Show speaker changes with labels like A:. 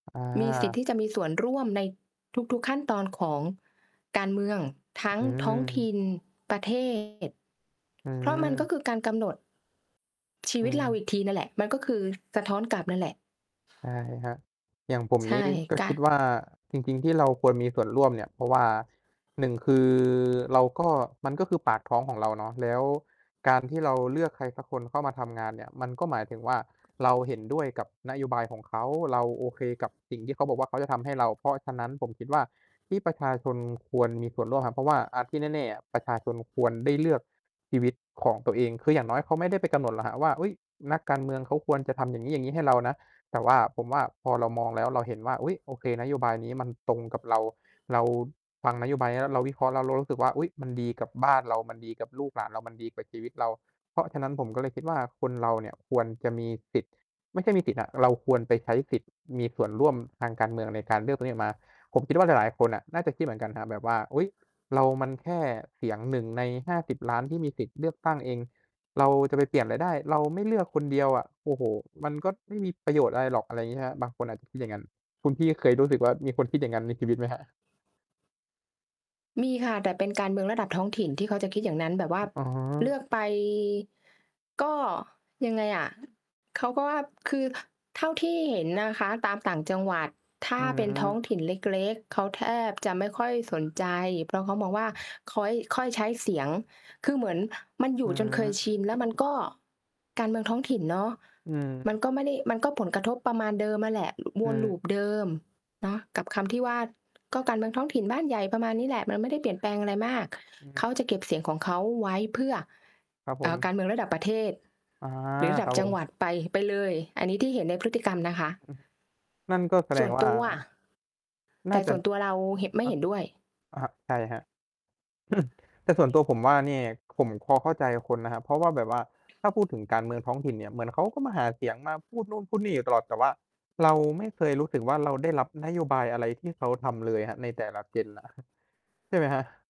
A: อ
B: มีสิทธิ
A: า
B: ์ที่จะมีส่วนร่วมในทุก ๆ ขั้นตอนของการเมือง ทั้ง
A: อื
B: ท้องถิ
A: อ
B: ่น ประ เทศ
A: อื
B: เพราะมันก็
A: ม
B: คือการกำหนด ชี
A: อื
B: วิตเราอ
A: ม
B: ีกทีนั่นแหละ มันก็คือสะท้อนกลับนั่นแหละ
A: ใช่ครับ อย่างผม
B: ใช
A: น
B: ่
A: ี้ก็
B: ก
A: คิดว่า จริง ๆ ที่เราควรมีส่วนร่วมเนี่ย เพราะว่า 1 คือเราก็ มันก็คือปากท้องของเราเนาะ แล้วการที่เราเลือกใครสักคนเข้ามาทำงานเนี่ย มันก็หมายถึงว่า เราเห็นด้วยกับนโยบายของเขา เราโอเคกับสิ่งที่เขาบอกว่า เขาจะทำให้เรา เพราะฉะนั้น ผมคิดว่าที่ประชาชนควรมีส่วนร่วมครับ เพราะว่า อ่า ที่แน่ ๆ อะ ประชาชนควรได้เลือกชีวิตของตัวเอง คืออย่างน้อยเขาไม่ได้ไปกำหนดหรอกครับว่า "อุ๊ย นักการเมืองเขาควรจะทำ อย่างงี้ ๆ ให้เรานะ" แต่ว่า ผมว่าพอเรามองแล้ว เราเห็นว่า "อุ๊ย โอเค นโยบายนี้มันตรงกับเรา" เราฟังนโยบายเนี้ยแล้ว เราวิเคราะห์แล้วเรารู้สึกว่า "อุ๊ย มันดีกับบ้านเรา มันดีกับลูกหลานเรา มันดีกับชีวิตเรา" เพราะฉะนั้น ผมก็เลยคิดว่า คนเราเนี่ยควรจะมีสิทธิ์ ไม่ใช่มีสิทธิ์อะ เราควรไปใช้สิทธิ์ มีส่วนร่วมทางการเมืองในการเลือกตัวนี้ออกมา ผมคิดว่าหลาย ๆ คนน่ะ น่าจะคิดเหมือนกันครับแบบว่า "อุ๊ย เรามันแค่เสียง 1 ใน 50 ล้านที่มีสิทธิ์เลือกตั้งเอง เราจะไปเปลี่ยนอะไรได้ เราไม่เลือกคนเดียวอะ โอ้โฮ มันก็ไม่มีประโยชน์อะไรหรอก" อะไรอย่างงี้ ใช่ไหมครับ บางคนอาจจะคิดอย่างงั้น คุณพี่เคยรู้สึกว่า มีคนคิดอย่างนั้นในชีวิตไหมครับ?
B: มีค่ะ แต่เป็นการเมืองระดับท้องถิ่นที่เขาจะคิดอย่างนั้น แบบว่า
A: อ อ๋อ
B: เลือกไป ก็ยังไงอะ เขาก็ว่า คือเท่าที่เห็นนะคะ ตามต่างจังหวัดถ้
A: อ
B: า
A: ื
B: เป็นท้
A: ม
B: องถิ่นเล็ก ๆ เขาแทบจะไม่ค่อยสนใจ เพราะเขามองว่า ค้อย ค่อยใช้เสียง คือเหมือนมันอย
A: อื
B: ู่จนเคยช
A: ม
B: ิน แล้วมันก็ การเมืองท้องถิ่นเนาะ
A: อื
B: มั
A: ม
B: นก็ไม่ได้ มันก็ผลกระทบประมาณเดิมนั่นแหละ ว
A: อื
B: น
A: อ
B: loop เดิม เนาะ กับคำที่ว่า "ก็การเมืองท้องถิ่น บ้านใหญ่" ประมาณนี้แหละ มันไม่ได้เปลี่ยนแปลงอะไรมาก
A: อ
B: เ
A: ือ
B: ขาจะเก็บเสียงของเขาไว้เพื่อ
A: ครับ
B: เอ
A: ผ
B: ่อ กา
A: ม
B: รเมืองระดับประเทศ
A: อา
B: หรือระด
A: ค
B: ั
A: ร
B: บ
A: ับ
B: จ
A: ผ
B: ังหว
A: ม
B: ัดไป ไปเลย อันนี้ที่เห็นในพฤติกรรมนะค
A: อือ
B: ะ
A: นั่นก็แส
B: ส
A: ด
B: ่
A: ง
B: วน
A: ว่
B: ต
A: า
B: ัว แ
A: น
B: ต
A: ่า
B: ่
A: จ
B: ส
A: ะ
B: ่วนตัวเราเหะ ไม่
A: อะ
B: เห็นด้วย
A: อะฮะ ใช่ครับ แต่ส่วนตัวผมว่า เนี่ย ผมพอเข้าใจกับคนนะครับ เพราะว่าแบบว่า ถ้าพูดถึงการเมืองท้องถิ่นเนี่ยเหมือนเขาก็มาหาเสียง มาพูดนู่นพูดนี่อยู่ตลอด แต่ว่าเราไม่เคยรู้สึกว่า เราได้รับนโยบายอะไรที่เขาทำเลยครับ ในแต่ละ gen อะ ใช่ไหมครับ?